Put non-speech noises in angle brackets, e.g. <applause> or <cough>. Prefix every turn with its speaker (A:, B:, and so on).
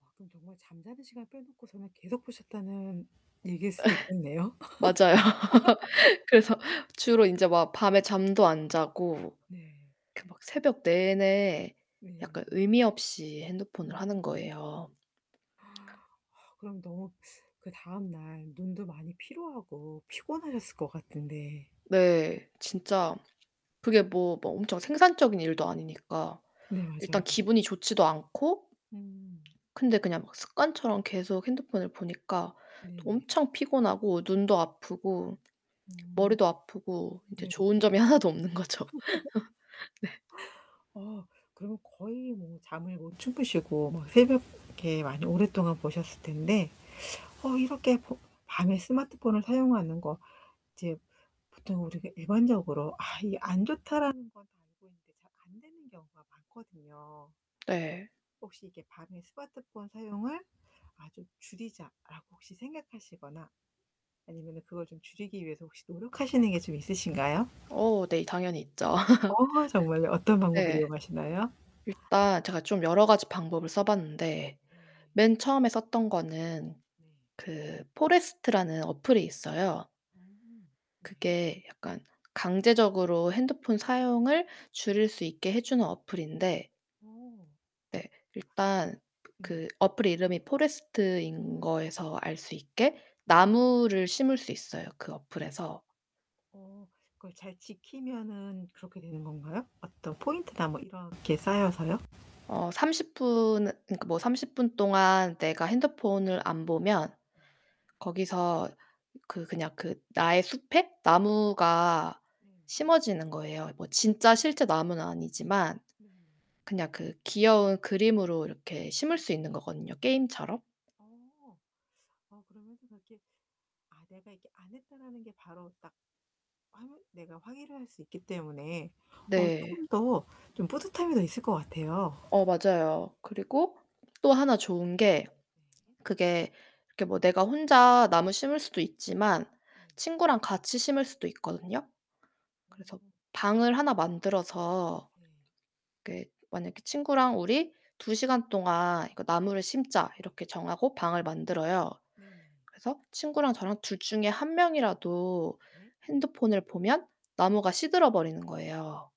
A: 아. 그럼 정말 잠자는 시간을 빼놓고서는 계속 보셨다는 얘기일 수도 있겠네요.
B: <laughs> 맞아요. 그래서
A: <laughs>
B: 주로 인제 막 밤에 잠도 안 자고
A: 네.
B: 이렇게 막 새벽 내내 약간
A: 네.
B: 의미 없이 핸드폰을
A: 음.
B: 하는 거예요.
A: <gasps> 아 그럼 너무 그다음 날 눈도 많이 피로하고 피곤하셨을 것 같은데
B: 네. 진짜 그게 뭐 엄청 생산적인 일도 아니니까
A: 네 맞아요.
B: 일단 기분이 좋지도 않고
A: 음.
B: 근데 그냥 막 습관처럼 계속 핸드폰을 보니까 또
A: 네네.
B: 엄청 피곤하고 눈도 아프고
A: 음.
B: 머리도 아프고 인제
A: 네
B: 좋은
A: 맞아
B: 점이 하나도 없는 거죠. 네.
A: <laughs> 어. 그럼 거의 뭐 잠을 못 주무시고 뭐 새벽에 많이 오랫동안 보셨을 텐데 어 이렇게 보 밤에 스마트폰을 사용하는 거 이제 보통 우리가 일반적으로 아 이게 '안 좋다.'라는 건 알고 있는데 잘 안되는 경우가 많거든요.
B: 네.
A: 혹시 이게 '밤에 스마트폰 사용을 아 좀 줄이자.'라고 혹시 생각하시거나 아니면은 그걸 좀 줄이기 위해서 혹시 노력하시는 게 좀 있으신가요?
B: 어 네 당연히 있죠. <laughs>
A: 어 정말요? 어떤 방법을
B: 네.
A: 이용하시나요?
B: 일단 제가 좀 여러 가지 방법을 써 봤는데
A: 네.
B: 맨 처음에 썼던 거는
A: 네.
B: 그 포레스트라는 어플이 있어요.
A: 음 네.
B: 그게 약간 강제적으로 핸드폰 사용을
A: 네.
B: 줄일 수 있게 해 주는 어플인데
A: 어.
B: 네. 일단 그
A: 네.
B: 그 어플이 이름이 포레스트인 거에서 알 수 있게
A: 네네.
B: 나무를 심을 수 있어요, 그 어플에서.
A: 어 그걸 잘 지키면은 그렇게 되는 건가요 어떤 포인트나 뭐 이렇게 쌓여서요?
B: 어 30 분 그러니까 뭐 30 분 동안 내가 핸드폰을 안 보면
A: 네.
B: 거기서 그 그냥 그 나의 숲에 나무가
A: 네네.
B: 심어지는 거예요. 뭐 진짜 실제
A: 음.
B: 나무는 아니지만
A: 네네.
B: 그냥 그 귀여운 그림으로 이렇게 심을 수
A: 음.
B: 있는 거거든요, 게임처럼.
A: 어. 아 그러면서 그렇게 아 '내가 이렇게 안했다.'라는 게 바로 딱 아 내가 확인을 할 수 있기 때문에 어
B: 네.
A: 쪼금 더 좀 뿌듯함이 더 있을 것 같아요.
B: 어 맞아요. 그리고 또 하나 좋은 게
A: 네.
B: 그게 이렇게 뭐 내가 혼자 나무 심을 수도 있지만
A: 네네.
B: 친구랑 같이 심을 수도 있거든요. 그래서
A: 음.
B: 방을 하나 만들어서
A: 네.
B: 그 만약에 친구랑 "우리 2 시간 동안 이거 나무를 심자." 이렇게 정하고 방을
A: 음.
B: 만들어요.
A: 네네.
B: 그래서 친구랑 저랑 둘 중에 1 명이라도
A: 네.
B: 핸드폰을 보면
A: 음.
B: 나무가 시들어버리는 거예요.